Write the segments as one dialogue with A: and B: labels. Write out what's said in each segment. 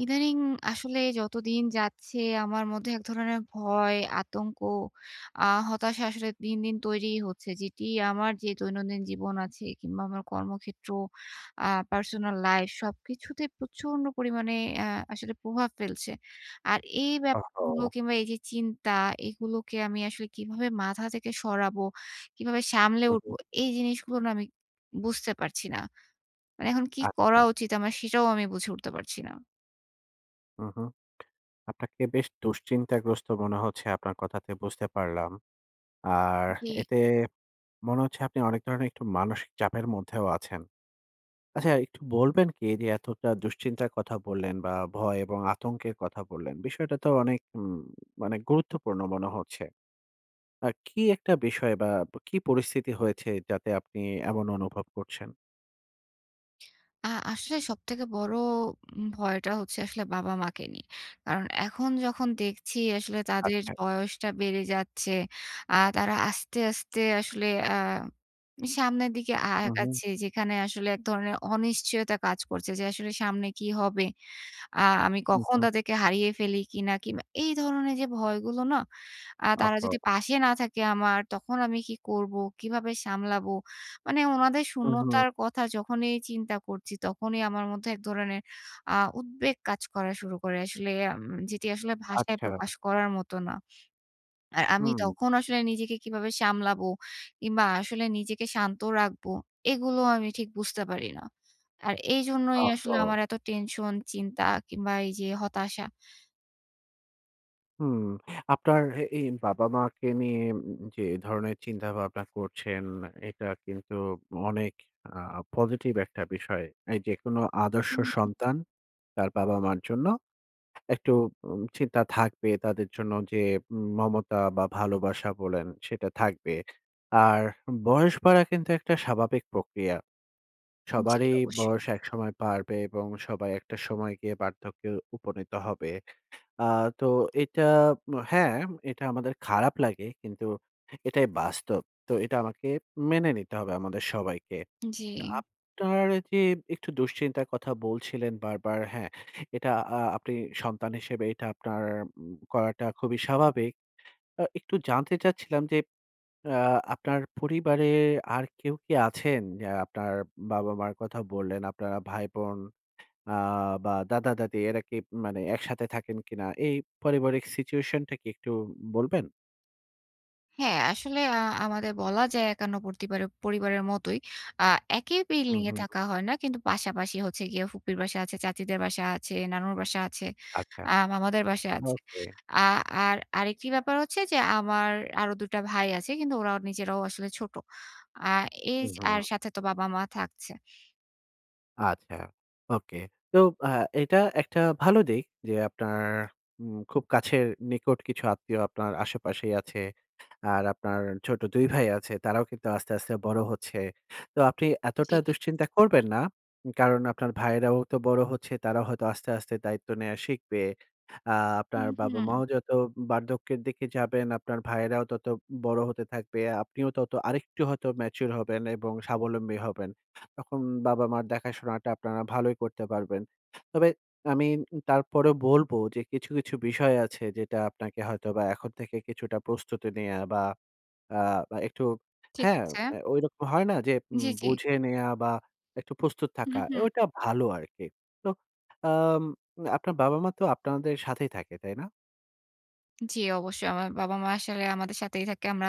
A: ইদানিং আসলে যতদিন যাচ্ছে আমার মধ্যে এক ধরনের ভয়, আতঙ্ক, আ হতাশা আসলে দিন, দিন তৈরি হচ্ছে। যেটি আমার যে দৈনন্দিন জীবন আছে কিংবা আমার কর্মক্ষেত্র, আ পার্সোনাল লাইফ সবকিছুতে প্রচন্ড পরিমাণে অ্যা আসলে প্রভাব ফেলছে। আর এই ব্যাপারগুলো
B: ওহো!
A: কিংবা এই যে চিন্তা এগুলোকে আমি আসলে কীভাবে মাথা থেকে সরাবো? কীভাবে সামলে
B: হুম,
A: উঠব?
B: হুম।
A: এই জিনিসগুলো না আমি বুঝতে পারছি না, মানে এখন কী করা
B: আচ্ছা।
A: উচিত? আমার সেটাও আমি বুঝে উঠতে পারছি না।
B: হুম, হুম, আপনাকে বেশ দুশ্চিন্তাগ্রস্ত মনে হচ্ছে আপনার কথাতে বুঝতে পারলাম। আর
A: জি।
B: এতে মনে হচ্ছে আপনি অনেক ধরনের একটু মানসিক চাপের মধ্যেও আছেন। আচ্ছা একটু বলবেন কী? যে এতটা দুশ্চিন্তার কথা বললেন বা ভয় এবং আতঙ্কের কথা বললেন বিষয়টা তো অনেক উম মানে গুরুত্বপূর্ণ মনে হচ্ছে। আ কী একটা বিষয় বা ব কী পরিস্থিতি হয়েছে যাতে আপনি এমন অনুভব করছেন?
A: আ আসলে সবথেকে বড় উম ভয়টা হচ্ছে আসলে বাবা মাকে নিয়ে। কারণ এখন যখন দেখছি আসলে তাদের
B: আচ্ছা।
A: বয়সটা বেড়ে যাচ্ছে আ তারা আস্তে, আস্তে আসলে আ সামনের দিকে আ
B: হুম, হুম।
A: আগাচ্ছে যেখানে আসলে এক ধরনের অনিশ্চয়তা কাজ করছে যে আসলে সামনে কী হবে? আ আমি
B: হুম,
A: কখন
B: হুম।
A: তাদেরকে হারিয়ে ফেলি কী না? কিংবা এই ধরনের যে ভয়গুলো না আ তারা
B: আহা!
A: যদি পাশে না থাকে আমার তখন আমি কী করবো? কীভাবে সামলাবো? মানে উনাদের
B: হুম, হুম।
A: শূন্যতার কথা যখনই চিন্তা করছি তখনই আমার মধ্যে এক ধরনের আ উদ্বেগ কাজ করা শুরু করে আসলে উম যেটি আসলে ভাষায়
B: আচ্ছা।
A: প্রকাশ করার মত না। আর আমি
B: হুম।
A: তখন আসলে নিজেকে কীভাবে সামলাবো? কিংবা আসলে নিজেকে শান্ত রাখবো? এগুলো আমি ঠিক বুঝতে পারি না। আর এইজন্যই আসলে
B: আচ্ছা।
A: আমার এত টেনশন, চিন্তা কিংবা এই যে হতাশা।
B: হুম, আপনার এ বাবা-মাকে নিয়ে উম যে ধরনের চিন্তা ভাবনা করছেন। এটা কিন্তু অনেক আ পজিটিভ একটা বিষয়। এই যেকোনো আদর্শ
A: হুম, হুম।
B: সন্তান তার বাবা-মা'র জন্য একটু উম চিন্তা থাকবে তাদের জন্য যে উম মমতা বা ভালোবাসা বলেন সেটা থাকবে। আর বয়স বাড়া কিন্তু একটা স্বাভাবিক প্রক্রিয়া।
A: জি,
B: সবারই
A: অবশ্যই।
B: বয়স একসময় বাড়বে। এবং সবাই একটা সময় গিয়ে বার্ধক্যে উপনীত হবে। আ তো এটা ম হ্যাঁ এটা আমাদের খারাপ লাগে কিন্তু এটাই বাস্তব। তো এটা আমাকে মেনে নিতে হবে আমাদের সবাইকে। তা আ
A: জি।
B: আপনার যে একটু দুশ্চিন্তার কথা বলছিলেন বারবার। হ্যাঁ? এটা আ আপনি সন্তান হিসেবে এটা আপনার ম করাটা খুবই স্বাভাবিক। অ একটু জানতে চাচ্ছিলাম যে আ আপনার পরিবারে আর কেউ কি আছেন? আ আপনার বাবা-মা'র কথা বললেন, আপনারা ভাই-বোন আ বা দাদা-দাদি এরা কি ম মানে একসাথে থাকেন কিনা এই পারিবারিক সিচুয়েশনটা কি একটু বলবেন?
A: হ্যাঁ, আসলে আ আমাদের বলা যায় একান্নবর্তী বারে পরিবারের মতোই আ একই
B: হু,
A: বিল্ডিং এ
B: হু, হু।
A: থাকা হয় না। কিন্তু পাশাপাশি হচ্ছে গিয়ে ফুপির বাসা আছে, চাচীদের বাসা আছে, নানুর বাসা আছে,
B: আচ্ছা
A: আ মামাদের বাসায় আছে।
B: ওকে।
A: আ আর আরেকটি ব্যাপার হচ্ছে যে আমার আরো ২ টা ভাই আছে। কিন্তু ওরাও নিজেরাও আসলে ছোট। আ এইজ
B: হুম,
A: আর
B: হুম।
A: সাথে তো বাবা-মা থাকছে।
B: আচ্ছা, ওকে। তো অ্যা এটা একটা ভালো দিক যে আপনার উম খুব কাছের নিকট কিছু আত্মীয় আপনার আশেপাশেই আছে। আর আপনার ছোট ২ ভাই আছে। তারাও কিন্তু আস্তে, আস্তে বড় হচ্ছে। তো আপনি এতটা
A: জী, জী।
B: দুশ্চিন্তা করবেন না। উম কারণ আপনার ভাইয়েরাও তো বড় হচ্ছে, তারাও হয়তো আস্তে, আস্তে দায়িত্ব নেয়া শিখবে। আ আপনার
A: হুম, হুম।
B: বাবা-মাও যত বার্ধক্যের দিকে যাবেন, আপনার ভাইয়েরাও তত ম বড় হতে থাকবে। আপনিও তত আরেকটু হয়ত ম্যাচুর হবেন এবং স্বাবলম্বী হবেন। তখন বাবা-মার দেখাশোনাটা আপনারা ভালোই করতে পারবেন। তবে আমি ম তারপরেও বলবো যে কিছু, কিছু বিষয় আছে যেটা আপনাকে হয়তোবা এখন থেকে কিছুটা প্রস্তুতি নেয়া বা অ্যা এ একটু
A: ঠিক
B: হ্যাঁ,
A: আছে।
B: অ্যা ঐরকম হয় না? যে ম
A: জ্বি, জ্বি।
B: বুঝে নেয়া বা একটু প্রস্তুত
A: হু,
B: থাকা এ
A: হু।
B: ওইটা ভালো আরকি। তো আম আ আপনার বাবা-মা তো আপনাদের সাথেই থাকে, তাই না?
A: জি, অবশ্যই। আমার বাবা-মা আসলে আমাদের সাথেই থাকে। আমরা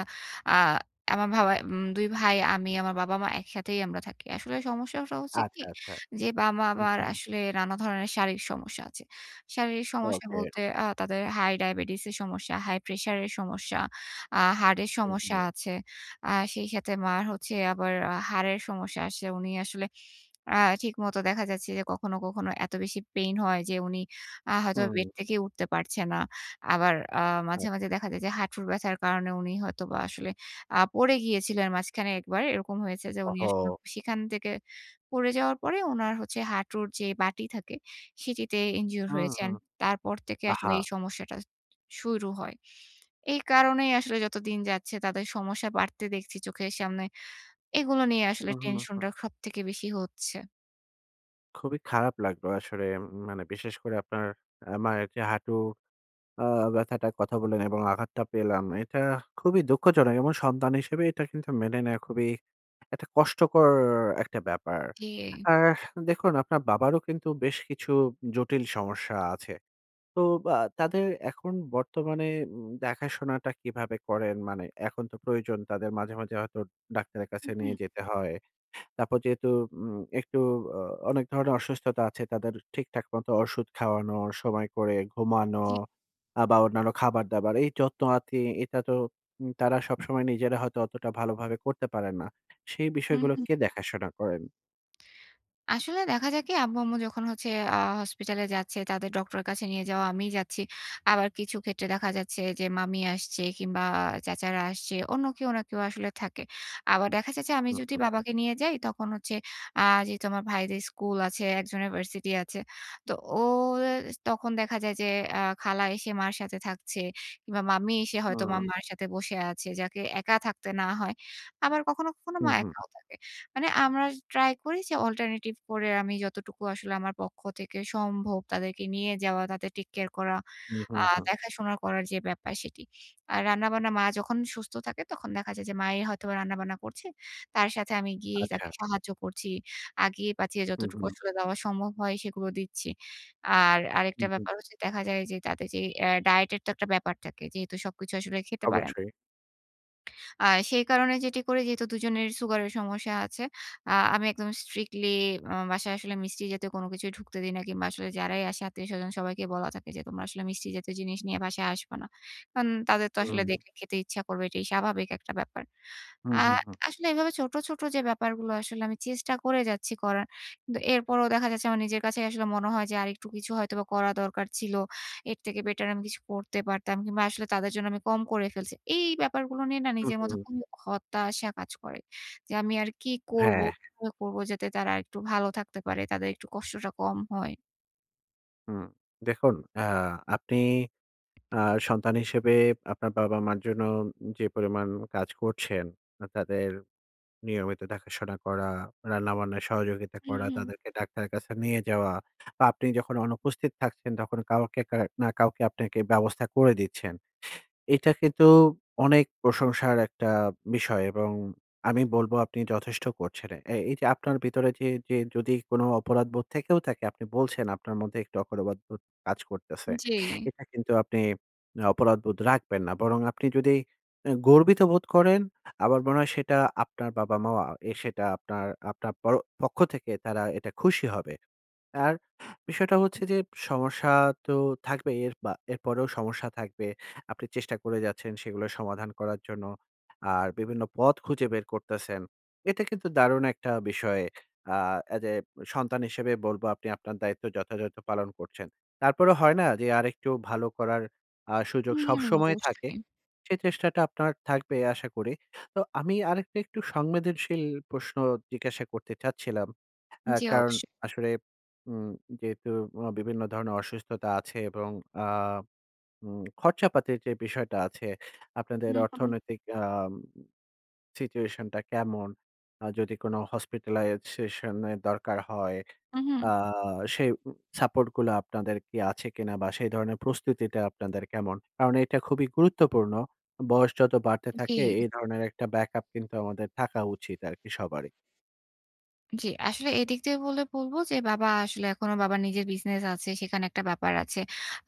A: আ আমার বাসায়, উম ২ ভাই, আমি, আমার বাবা-মা, একসাথেই আমরা থাকি। আসলে সমস্যা সহ হচ্ছে কি,
B: আচ্ছা, আচ্ছা।
A: যে বাবা
B: হুম,
A: আবার
B: হুম।
A: আসলে নানা ধরনের শারীরিক সমস্যা আছে। শারীরিক সমস্যা
B: ওকে।
A: বলতে আ তাদের হাই-ডায়াবেটিস এর সমস্যা, হাই-প্রেশার এর সমস্যা, আ হার্টের
B: হুম,
A: সমস্যা
B: হুম।
A: আছে। আ সেই সাথে মা'র হচ্ছে আবার হাঁড়ের সমস্যা আছে। উনি আসলে আ ঠিকমতো দেখা যাচ্ছে যে কখনো, কখনো এত বেশি পেইন হয় যে, উনি আ হয়তো
B: হুম।
A: বেড থেকে উঠতে পারছে না। আবার আ মাঝে, মাঝে
B: আচ্ছা।
A: দেখা যায় যে, হাঁটুর ব্যথার কারণে, উনি হয়তোবা আসলে আ পড়ে গিয়েছিলেন মাঝখানে ১ বার। এরকম হয়েছে যে,
B: ওহ,
A: উনি আসলে
B: হো।
A: সেখান থেকে পড়ে যাওয়ার পরে উনার হচ্ছে হাঁটুর যে বাটি থাকে সেটিতে injure
B: হুম,
A: হয়েছেন।
B: হুম।
A: তারপর থেকে
B: আহা!
A: আসলে এই সমস্যাটা শুরু হয়। এই কারণেই আসলে যতদিন যাচ্ছে, তাদের সমস্যা বাড়তে দেখছি চোখের সামনে। এগুলো নিয়ে আসলে
B: হুম, হুম, হুম।
A: টেনশনটা সবথেকে বেশি হচ্ছে।
B: খুবই খারাপ লাগলো আসলে, ম মানে বিশেষ করে আপনার আ মায়ের যে হাঁটু আ ব্যাথাটার কথা বললেন এবং আঘাতটা পেলাম। এটা খুবই দুঃখজনক এবং সন্তান হিসেবে এটা কিন্তু মেনে নেওয়া খুবই একটা কষ্টকর একটা ব্যাপার।
A: জি।
B: আর দেখুন আপনার বাবারও কিন্তু বেশ কিছু জটিল সমস্যা আছে। তো আ তাদের এখন বর্তমানে উম দেখাশোনাটা কিভাবে করেন? মানে এখন তো প্রয়োজন তাদের। মাঝে, মাঝে হয়তো ডাক্তারের
A: হু,
B: কাছে
A: হু।
B: নিয়ে যেতে হয়। তারপর যেহেতু উম একটু আ অনেক ধরনের অসুস্থতা আছে। তাদের ঠিকঠাক মতো ওষুধ খাওয়ানো, সময় করে ঘুমানো
A: জি।
B: আ বা অন্যান্য খাবার-দাবার, এই যত্ন-আতি, এটা তো উম তারা সবসময় নিজেরা হয়তো অতটা ভালোভাবে করতে পারেন না। সেই
A: হুম,
B: বিষয়গুলো
A: হুম।
B: কে দেখাশোনা করেন?
A: আসলে দেখা যায় কি? আব্বু-আম্মু যখন হচ্ছে আ হসপিটালে যাচ্ছে তাদের ডক্টরের কাছে নিয়ে যাওয়া, আমিই যাচ্ছি। আবার কিছু ক্ষেত্রে দেখা যাচ্ছে যে মামী আসছে কিংবা চাচারা আসছে, অন্য কেউ না কেউ আসলে থাকে। আবার দেখা যায় যে আমি,
B: হু,
A: যদি
B: হু।
A: বাবাকে নিয়ে যাই তখন হচ্ছে আ যেহেতু আমার ভাইদের স্কুল আছে, একজনের ভার্সিটি আছে। তো ও এস তখন দেখা যায় অ্যা খালা এসে মার সাথে থাকছে, কিংবা মামী এসে হয়তো মা
B: হুম।
A: মায়ের সাথে বসে আছে, যাকে একা থাকতে না হয়। আবার কখনো, কখনো
B: হু,
A: মা
B: হু।
A: একাও থাকে। মানে আমরা ট্রাই করি যে অল্টারনেটিভ করে আমি, যতটুকু আসলে আমার পক্ষ থেকে সম্ভব তাদেরকে নিয়ে যাওয়া, তাদের টেক কেয়ার করা।
B: হু, হু,
A: আ
B: হু।
A: দেখাশোনা করার যে ব্যাপার সেটি। আর রান্নাবান্না মা যখন সুস্থ থাকে তখন দেখা যায় যে, মাই হয়তোবা রান্নাবান্না করছে। তার সাথে আমি গিয়েই
B: আচ্ছা।
A: তাকে সাহায্য করছি। আগিয়ে-পাছিয়ে
B: হু,
A: যতটুকু
B: হু।
A: আসলে দেওয়া সম্ভব হয় সেগুলো দিচ্ছি। আর
B: হু,
A: আরেকটা
B: হু।
A: ব্যাপার হচ্ছে দেখা যায় যে তাদের যে অ্যা ডায়েট এর তো একটা ব্যাপার থাকে। যেহেতু সবকিছু আসলে খেতে পারেন
B: অবশ্যই।
A: আ সেই কারণে যেটি করি যেহেতু ২ জনের সুগারের সমস্যা আছে। আ আমি একদম স্ট্রিক্টলি উম বাসায় আসলে মিষ্টি জাতীয় কোন কিছুই ঢুকতে দিই না। কিংবা আসলে যারাই আসে আত্মীয়-স্বজন সবাইকে বলা থাকে যে, "তোমরা আসলে মিষ্টি জাতীয় জিনিস নিয়ে বাসায় আসবা না।" আন তাদের তো আসলে
B: হুম।
A: দেখলে খেতে ইচ্ছা করবে। এটাই স্বাভাবিক একটা ব্যাপার।
B: হু,
A: আ
B: হু, হু।
A: আসলে এভাবে ছোট, ছোট যে ব্যাপারগুলো আসলে আমি চেষ্টা করে যাচ্ছি করার। কিন্তু এরপরেও দেখা যাচ্ছে আমার নিজের কাছেই আসলে মনে হয় যে, "আরেকটু কিছু হয়তোবা করা দরকার ছিলো। এর থেকে বেটার আমি কিছু করতে পারতাম কিংবা আসলে তাদের জন্য আমি কম করে ফেলছি।" এই ব্যাপারগুলো নিয়ে না
B: হু,
A: নিজের মতো
B: হু।
A: খুবই হতাশা কাজ করে। যে, "আমি আর কি করবো?
B: হ্যাঁ।
A: কিভাবে করবো? যাতে তারা আরেকটু ভালো থাকতে পারে। তাদের একটু কষ্টটা কম হয়।"
B: হুম দেখুন আ আপনি আ সন্তান হিসেবে আপনার বাবা-মার জন্য উম যে পরিমাণ কাজ করছেন, আ তাদের নিয়মিত দেখাশোনা করা, রান্না-বান্নায় সহযোগিতা করা,
A: উম-হুঁ।
B: তাদেরকে ডাক্তারের কাছে নিয়ে যাওয়া, বা আপনি যখন অনুপস্থিত থাকছেন, তখন কাউকে কা না কাউকে আপনাকে ব্যবস্থা করে দিচ্ছেন। এটা কিন্তু অনেক প্রশংসার একটা বিষয় এবং আমি বলব আপনি যথেষ্ট করছেন এ এ এই যে আপনার ভিতরে যে যে যদি কোন অপরাধবোধ থেকেও থাকে, আপনি বলছেন আপনার মধ্যে একটু অপরাধবোধ কাজ করতেছে,
A: জি।
B: এটা কিন্তু আপনি অপরাধবোধ রাখবেন না। বরং আপনি যদি অ্যা গর্বিত বোধ করেন, আমার মনে হয় সেটা আপনার বাবা-মাও আ এ সেটা আপনার আপনার প পক্ষ থেকে তারা এটা খুশি হবে। আর বিষয়টা হচ্ছে যে সমস্যা তো থাকবেই, এরপা এরপরেও সমস্যা থাকবে। আপনি চেষ্টা করে যাচ্ছেন সেগুলো সমাধান করার জন্য। আর বিভিন্ন পথ খুঁজে বের করতেছেন। এতে কিন্তু দারুণ একটা বিষয়। আ as a সন্তান হিসেবে বলব, "আপনি আপনার দায়িত্ব যথাযথ পালন করছেন।" তারপরেও হয় না? যে আরেকটু ভালো করার আ সুযোগ
A: হুম
B: সবসময় থাকে।
A: অবশ্যই।
B: সে চেষ্টাটা আপনার থাকবে আশা করি। তো আমি আরেকটা একটু সংবেদনশীল প্রশ্ন জিজ্ঞাসা করতে চাচ্ছিলাম। আ
A: জি
B: কারণ
A: অবশ্যই।
B: আসলে উম যেহেতু অ বিভিন্ন ধরনের অসুস্থতা আছে এবং আ উম খরচাপাতির যে বিষয়টা আছে, আপনাদের
A: হুম, হুম।
B: অর্থনৈতিক আম situation টা কেমন, আ যদি কোন hospitalize session এর দরকার হয়, আ
A: উম-হুঁ।
B: সেই উম support গুলা আপনাদের কি আছে কিনা বা সেই ধরনের প্রস্তুতিটা আপনাদের কেমন? কারণ এটা খুবই গুরুত্বপূর্ণ। বয়স যত বাড়তে থাকে,
A: জি।
B: এই ধরনের একটা backup কিন্তু আমাদের থাকা উচিত আরকি সবারই।
A: জি। আসলে এদিক থেকে বললে বলবো যে বাবা আসলে এখনো বাবার নিজের বিজনেস আছে, সেখানে একটা ব্যাপার আছে।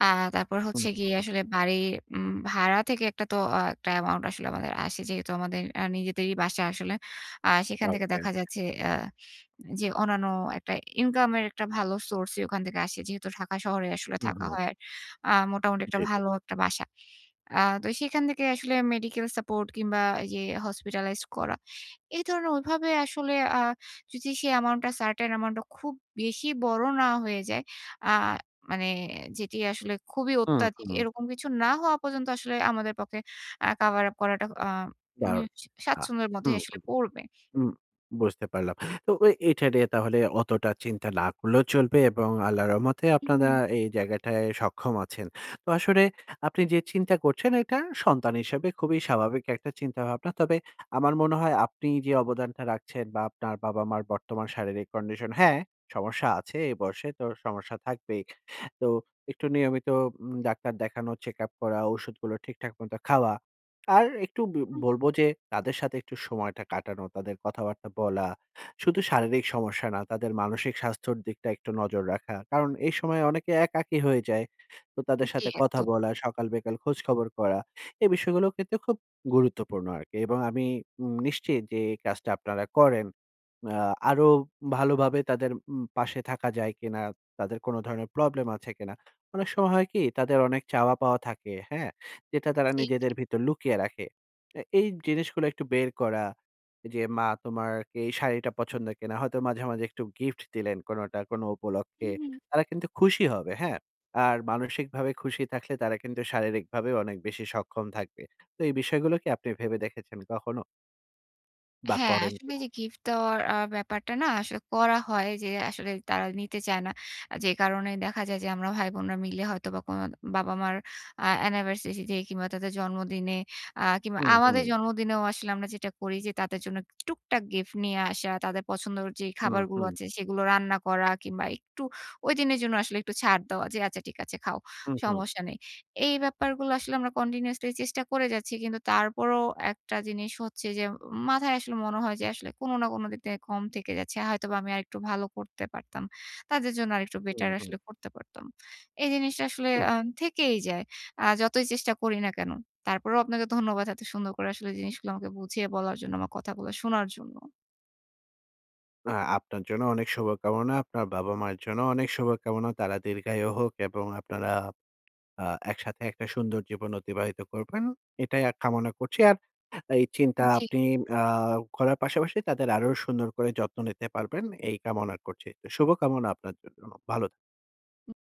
A: আ তারপর
B: হু,
A: হচ্ছে
B: হু।
A: গিয়ে আসলে বাড়ির উম ভাড়া থেকে একটা তো আ একটা অ্যামাউন্ট আমাদের আসলে আসে। যেহেতু আমাদের আ নিজেদেরই বাসা আসলে। আ
B: আ,
A: সেখান থেকে
B: ওকে,
A: দেখা
B: ওকে।
A: যাচ্ছে আ যে অন্যান্য একটা ইনকাম এর একটা ভালো সোর্সই ওখান থেকে আসে। যেহেতু ঢাকা শহরে আসলে
B: হু,
A: থাকা
B: হু।
A: হয় আ মোটামুটি একটা
B: জি, জি।
A: ভালো একটা বাসা। আ তো সেখান থেকে আসলে মেডিকেল সাপোর্ট কিংবা এই যে Hospitalised করা। এ ধরনের ঐ ভাবে আসলে আ যদি সেই অ্যামাউন্টটা Certain amount টা খুব বেশি বড় না হয়ে যায়। আ মানে যেটি আসলে খুবই
B: হু,
A: অত্যাধিক
B: হু।
A: এরকম কিছু না হওয়া পর্যন্ত আসলে আমাদের পক্ষে আ কভার আপ করাটা আ উম
B: দারুণ। আ
A: স্বাচ্ছন্দ্যের মধ্যে
B: হু, হু,
A: আসলে পড়বে।
B: হু। বুঝতে পারলাম। তো এ এটা নিয়ে তাহলে অতটা চিন্তা না করলেও চলবে এবং আল্লাহর রহমতে আপনারা
A: উহু।
B: এই জায়গাটায় সক্ষম আছেন। তো আসলে আপনি যে চিন্তা করছেন এটা সন্তান হিসেবে খুবই স্বাভাবিক একটা চিন্তাভাবনা। তবে আমার মনে হয় আপনি যে অবদানটা রাখছেন বা আপনার বাবা-মার বর্তমান শারীরিক কন্ডিশন। হ্যাঁ, সমস্যা আছে এই বয়সে তো সমস্যা থাকবেই। তো একটু নিয়মিত উম ডাক্তার দেখানো, চেক আপ করা, ঔষুধগুলো ঠিকঠাক মতো খাওয়া। আর একটু ব
A: হুম।
B: বলবো যে তাদের সাথে একটু সময়টা কাটানো, তাদের কথাবার্তা বলা। শুধু শারীরিক সমস্যা না, তাদের মানসিক স্বাস্থ্যর দিকটা একটু নজর রাখা। কারণ এই সময় অনেকে একাকী হয়ে যায়। তো তাদের
A: জি,
B: সাথে কথা
A: একদম।
B: বলা, সকাল বিকাল খোঁজখবর করা। এ বিষয়গুলোর কিন্তু খুব গুরুত্বপূর্ণ আরকি। এবং আমি উম নিশ্চিত যে এই কাজটা আপনারা করেন। আ আরো ভালোভাবে তাদের উম পাশে থাকা যায় কিনা? তাদের কোন ধরনের প্রবলেম আছে কিনা? অনেক সময় হয় কি তাদের অনেক চাওয়া পাওয়া থাকে, হ্যাঁ? যেটা তারা
A: জি, জি।
B: নিজেদের ভিতর লুকিয়ে রাখে। অ্যা এই জিনিসগুলো একটু বের করা। যে, "মা তোমার কি এই শাড়িটা পছন্দ কিনা?" হয়তো মাঝে, মাঝে একটু গিফট দিলেন কোনটা কোন উপলক্ষে।
A: হুম, হুম।
B: তারা কিন্তু খুশি হবে হ্যাঁ? আর মানসিকভাবে খুশি থাকলে তারা কিন্তু শারীরিকভাবেও অনেক বেশি সক্ষম থাকবে। তো এই বিষয়গুলো কি আপনি ভেবে দেখেছেন কখনো? বা
A: হ্যাঁ,
B: করেন
A: আসলে
B: কি
A: এই
B: না?
A: যে গিফট দেওয়ার আ ব্যাপারটা না, আসলে করা হয় যে, আসলে তারা নিতে চায় না। আ যে কারণে দেখা যায় যে, আমরা ভাই-বোনরা মিলে হয়তোবা কোন বাবা-মার আ অ্যানিভার্সারিতে কিংবা তাদের জন্মদিনে আ কিংবা
B: হুম,
A: আমাদের
B: হুম।
A: জন্মদিনেও আসলে আমরা যেটা করি যে, তাদের জন্য টুকটাক গিফট নিয়ে আসা, তাদের পছন্দ'র যে
B: হুম,
A: খাবারগুলো
B: হুম।
A: আছে সেগুলো রান্না করা কিংবা একটু ঐদিনের জন্য আসলে একটু ছাড় দেওয়া যে, "আচ্ছা ঠিক আছে, খাও
B: হুম, হুম।
A: সমস্যা নেই।" এই ব্যাপারগুলো আসলে আমরা কন্টিনিউয়াসলি চেষ্টা করে যাচ্ছি কিন্তু তারপরও একটা জিনিস হচ্ছে যে, মাথায় আসলে মনে হয় যে আসলে কোন না, কোন দিক থেকে কম থেকে যাচ্ছে। হয়তোবা আমি আরেকটু ভালো করতে পারতাম। তাদের জন্য আরেকটু বেটার
B: হুম, হুম।
A: আসলে করতে পারতাম। এই জিনিসটা আসলে
B: হুম।
A: আ থেকেই যায় আ যতই চেষ্টা করি না কেন। তারপরেও আপনাকে ধন্যবাদ, এত সুন্দর করে আসলে জিনিসগুলো আমাকে বুঝিয়ে বলার জন্য আমার কথাগুলো শোনার জন্য।
B: আ আপনার জন্য অনেক শুভ কামনা। আপনার বাবা-মায়ের জন্য অনেক শুভ কামনা। তারা দীর্ঘায়ু হোক এবং আপনারা আ একসাথে একটা সুন্দর জীবন অতিবাহিত করবেন। এটাই আ কামনা করছি আর এই চিন্তা
A: জি।
B: আপনি আ করার পাশাপাশি তাদের আরো সুন্দর করে যত্ন নিতে পারবেন এই কামনা করছি। তো শুভকামনা আপনার জন্য। ভালো
A: হুম।